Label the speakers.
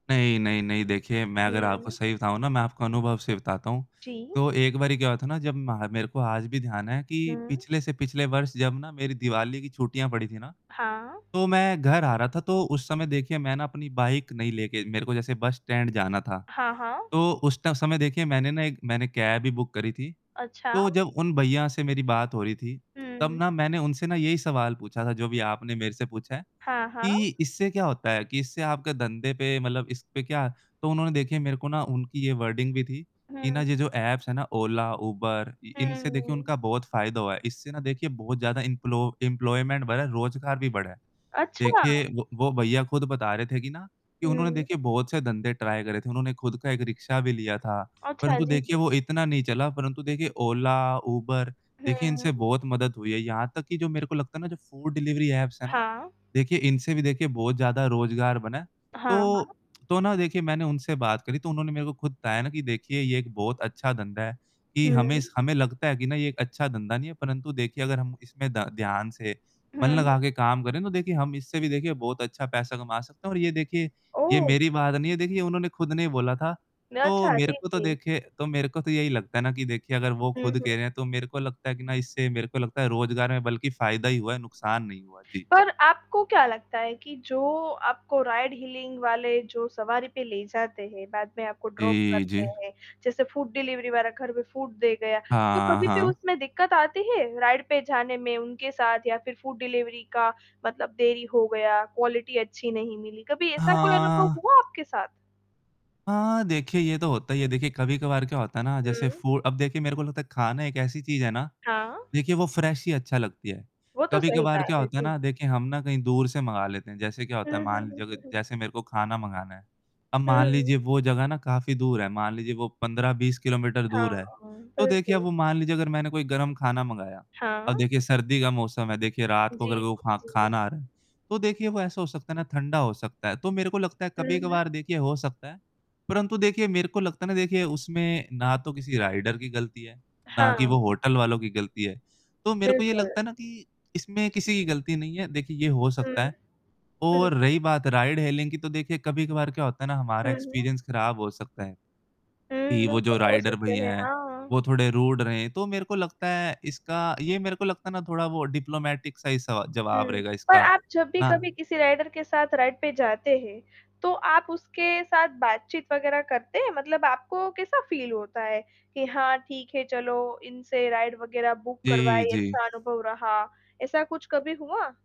Speaker 1: नहीं, नहीं, नहीं देखिए मैं अगर आपको
Speaker 2: हुँ।
Speaker 1: सही बताऊँ ना मैं आपको अनुभव से बताता हूँ।
Speaker 2: जी।
Speaker 1: तो एक बारी क्या हुआ था ना जब मह मेरे को आज भी ध्यान है कि
Speaker 2: हुँ।
Speaker 1: पिछले से पिछले वर्ष जब ना मेरी दिवाली की छुट्टियाँ पड़ी थी ना।
Speaker 2: हाँ।
Speaker 1: तो मैं घर आ रहा था, तो उस समय देखिए मैंने अपनी बाइक नहीं लेके मेरे को जैसे बस स्टैंड जाना था।
Speaker 2: हाँ, हाँ।
Speaker 1: तो उस ट समय देखिए मैंने ना एक मैंने कैब भी बुक करी थी।
Speaker 2: अच्छा।
Speaker 1: तो जब उन भैया से मेरी बात हो रही थी।
Speaker 2: हुँ,
Speaker 1: तब
Speaker 2: हुँ।
Speaker 1: ना मैंने उनसे ना यही सवाल पूछा था जो भी आपने मेरे से पूछा है
Speaker 2: हाँ, हाँ।
Speaker 1: कि इससे क्या होता है? कि इससे आपके धंधे पे मतलब इस पे क्या तो उन्होंने देखिए मेरे को ना उनकी ये वर्डिंग भी थी। कि ना
Speaker 2: हुँ।
Speaker 1: ये जो ऐप्स है ना ओला, यूबर
Speaker 2: हुँ,
Speaker 1: इनसे देखिए
Speaker 2: हुँ।
Speaker 1: उनका बहुत फ़ायदा हुआ है। इससे ना देखिए बहुत ज़्यादा इन्पलो इंप्लॉयमेंट बढ़ा है, रोज़गार भी बढ़ा है।
Speaker 2: अच्छा।
Speaker 1: देखिए वो वो भैया खुद बता रहे थे कि ना कि उन्होंने
Speaker 2: हुँ।
Speaker 1: देखिए बहुत से धंधे ट्राई करे थे। उन्होंने खुद का एक रिक्शा भी लिया था,
Speaker 2: अच्छा,
Speaker 1: परंतु
Speaker 2: जी,
Speaker 1: देखिए
Speaker 2: जी।
Speaker 1: वो इतना नहीं चला, परंतु देखिए ओला यूबर देखिए इनसे
Speaker 2: हुँ।
Speaker 1: बहुत मदद हुई है। यहाँ तक कि जो मेरे को लगता है ना जो फूड डिलीवरी ऐप्स है ना?
Speaker 2: हाँ।
Speaker 1: देखिए इनसे भी देखिए बहुत ज़्यादा रोज़गार बना है।
Speaker 2: हाँ,
Speaker 1: तो
Speaker 2: हाँ।
Speaker 1: तो ना देखिए मैंने उनसे बात करी तो उन्होंने मेरे को खुद बताया ना कि देखिए ये एक बहुत अच्छा धंधा है कि हमें इस
Speaker 2: हुँ।
Speaker 1: हमें लगता है कि ना ये एक अच्छा धंधा नहीं है परंतु देखिए अगर हम इसमें ध ध्यान से मन
Speaker 2: हुँ, हुँ।
Speaker 1: लगा के काम करें, तो देखिए हम इससे भी देखिए बहुत अच्छा पैसा कमा सकते हैं और ये देखिए ये
Speaker 2: ओह!
Speaker 1: मेरी बात नहीं है देखिए ये उन्होंने खुद ने ही बोला था, तो
Speaker 2: अच्छा,
Speaker 1: मेरे
Speaker 2: जी,
Speaker 1: को तो
Speaker 2: जी।
Speaker 1: देखिए तो मेरे को तो यही लगता है ना कि देखिए अगर वो
Speaker 2: हुँ,
Speaker 1: खुद
Speaker 2: हुँ।
Speaker 1: कह रहे हैं तो मेरे को लगता है कि ना इससे मेरे को लगता है रोज़गार में बल्कि फ़ायदा ही हुआ है नुकसान नहीं हुआ। जी।
Speaker 2: पर आपको क्या लगता है कि जो आपको राइड हीलिंग वाले जो सवारी पे ले जाते हैं, बाद में आपको ड्रॉप
Speaker 1: जी,
Speaker 2: करते
Speaker 1: जी।
Speaker 2: हैं। जैसे फ़ूड डिलीवरी वग़ैरह घर पे फ़ूड दे गया। तो
Speaker 1: हाँ,
Speaker 2: कभी भी
Speaker 1: हाँ।
Speaker 2: उसमें दिक्कत आती है राइड पे जाने में उनके साथ या फिर फ़ूड डिलीवरी का मतलब देरी हो गया, क्वालिटी अच्छी नहीं मिली। कभी ऐसा कोई अनुभव
Speaker 1: हाँ।
Speaker 2: हुआ आपके साथ?
Speaker 1: हाँ, देखिए ये तो होता है ये देखिए कभी-कभार क्या होता है ना जैसे
Speaker 2: हुँ।
Speaker 1: फू अब देखिए मेरे को लगता है खाना एक ऐसी चीज़ है ना,
Speaker 2: हाँ।
Speaker 1: देखिए वो फ्रेश ही अच्छा लगती है।
Speaker 2: वो तो सही
Speaker 1: कभी-कभार क्या
Speaker 2: बात है।
Speaker 1: होता है
Speaker 2: जी।
Speaker 1: ना देखिए हम ना कहीं दूर से मँगा लेते हैं। जैसे क्या
Speaker 2: हुँ,
Speaker 1: होता है
Speaker 2: हुँ,
Speaker 1: मान
Speaker 2: हुँ,
Speaker 1: लीजिए
Speaker 2: हुँ, हुँ।
Speaker 1: जैसे मेरे को खाना मँगाना है, अब
Speaker 2: हुँ,
Speaker 1: मान
Speaker 2: हुँ।
Speaker 1: लीजिए वो जगह ना काफ़ी दूर है, मान लीजिए वो 15-20 किलोमीटर
Speaker 2: हाँ,
Speaker 1: दूर है। तो देखिए अब
Speaker 2: बिल्कुल।
Speaker 1: वो मान लीजिए अगर मैंने कोई गरम खाना मँगाया, अब
Speaker 2: हाँ।
Speaker 1: देखिए सर्दी का मौसम है, देखिए रात
Speaker 2: जी,
Speaker 1: को अगर वो खा
Speaker 2: जी। जी।
Speaker 1: खाना आ रहा है। तो देखिए वो ऐसा हो सकता है ना ठंडा हो सकता है, तो मेरे को लगता है
Speaker 2: हुँ, हुँ।
Speaker 1: कभी-कभार देखिए हो सकता है। परंतु देखिए, मेरे को लगता है ना देखिए उसमें ना तो किसी राइडर की गलती है ना कि वो
Speaker 2: हाँ।
Speaker 1: होटल वालों की गलती है। तो मेरे को ये
Speaker 2: बिल्कुल।
Speaker 1: लगता है ना कि इसमें किसी की गलती नहीं है, देखिए ये हो
Speaker 2: हुँ।
Speaker 1: सकता है।
Speaker 2: हुँ, हुँ।
Speaker 1: और रही बात राइड हीलिंग की तो देखिए कभी-कभार क्या होता है ना हमारा
Speaker 2: हुँ, हुँ।
Speaker 1: एक्सपीरियंस ख़राब हो सकता है।
Speaker 2: हुँ,
Speaker 1: कि वो जो
Speaker 2: बिल्कुल हो
Speaker 1: राइडर
Speaker 2: सकते
Speaker 1: भैया
Speaker 2: हैं।
Speaker 1: हैं,
Speaker 2: हाँ।
Speaker 1: वो थोड़े रूड रहे तो मेरे को लगता है इसका ये मेरे को लगता है ना थोड़ा वो डिप्लोमैटिक सा ही सवा जवाब
Speaker 2: हुँ।
Speaker 1: रहेगा
Speaker 2: पर
Speaker 1: इसका,
Speaker 2: आप जब भी
Speaker 1: ना
Speaker 2: कभी किसी राइडर के साथ राइड पे जाते हैं तो आप उसके साथ बातचीत वगैरह करते हैं? मतलब आपको कैसा फील होता है कि हाँ ठीक है चलो इनसे राइड वगैरह बुक
Speaker 1: जी,
Speaker 2: करवाइए
Speaker 1: जी।
Speaker 2: अच्छा अनुभव रहा। ऐसा कुछ कभी हुआ?